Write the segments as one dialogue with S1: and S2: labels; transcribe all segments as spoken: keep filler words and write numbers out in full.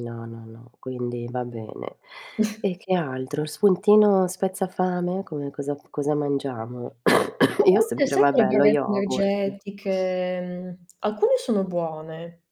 S1: No, no, no, quindi va bene. E che altro spuntino spezza fame? Come cosa cosa mangiamo?
S2: A
S1: Io ho
S2: volte
S1: sempre,
S2: sai, quelle
S1: vabbè, lo
S2: barrette
S1: yogurt.
S2: energetiche, alcune sono buone.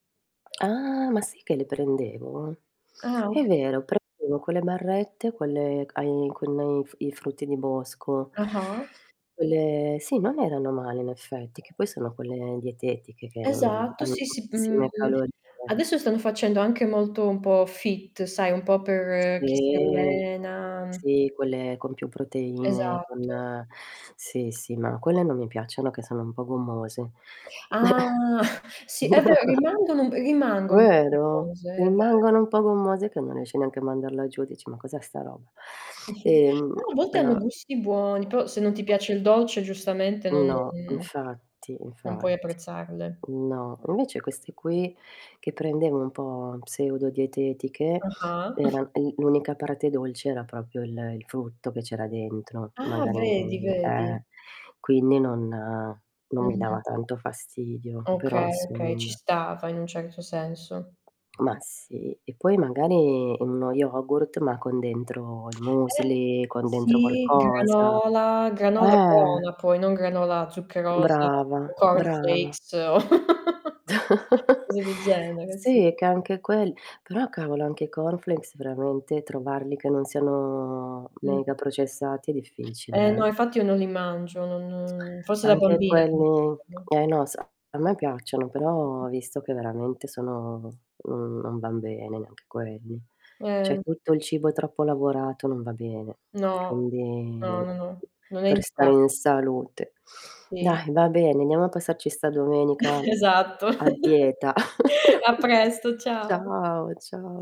S1: Ah, ma sì che li prendevo.
S2: Ah
S1: È
S2: okay.
S1: vero, prendevo quelle barrette, quelle ai con i f frutti di bosco
S2: Ah-ah.
S1: quelle sì, non erano male in effetti, che poi sono quelle dietetiche che non
S2: Esatto,
S1: hanno
S2: sì, sì, mhmm,
S1: pochissime calorie.
S2: adesso stanno facendo anche molto un po' fit sai, un po' per chi si
S1: Sì.
S2: allena.
S1: Sì, quelle con più proteine, con
S2: Esatto.
S1: sì, sì, ma quelle non mi piacciono che sono un po' gommose.
S2: Ah! Sì è vero rimangono rimangono un po'
S1: Vero?
S2: gommose, è vero.
S1: Rimangono un po' gommose che non riesci neanche a mandarla giù. Dici: "Ma cos'è sta roba?" Ehm,
S2: Però a volte hanno
S1: uhm
S2: gusti buoni, però se non ti piace il dolce giustamente non
S1: No, infatti,
S2: non puoi
S1: infatti
S2: apprezzarle.
S1: No, invece queste qui, che prendevo un po' pseudo dietetiche
S2: Ah-ah.
S1: era, eh, l'unica parte dolce era propio il il frutto che c'era dentro,
S2: Ah,
S1: magari
S2: vedi,
S1: mhmm,
S2: vedi?
S1: eh, quindi non non mi dava
S2: Mh-mh.
S1: tanto fastidio però
S2: Okay, okay ci
S1: insomma.
S2: stava in un certo senso.
S1: Ma sì e poi magari in uno yogurt, ma con dentro il
S2: Eh
S1: Müsli, con dentro
S2: sì.
S1: qualcosa.
S2: Granola, granola
S1: Eh!
S2: buona poi non granola zuccherosa,
S1: Brava,
S2: tipo corn
S1: brava.
S2: flakes. Cose del genere, sì.
S1: Sì che anche quel però cavolo anche i corn flakes veramente trovarli che non siano
S2: Mh.
S1: mega processati è
S2: Eh
S1: difficile eh.
S2: no infatti io non li mangio, non forse da
S1: Anche
S2: bambina li
S1: quelli,
S2: mangiavo.
S1: eh no, s a me piacciono, però visto che veramente sono non non van bene neanche quelli. Cioè
S2: Eh.
S1: tutto il cibo troppo lavorato non va bene,
S2: No, no,
S1: quindi
S2: no, no, non è
S1: per stare
S2: indica
S1: in salute.
S2: Sì.
S1: Dai va bene andiamo a passarci sta domenica
S2: Esatto.
S1: a dieta.
S2: A presto, ciao.
S1: Ciao, ciao.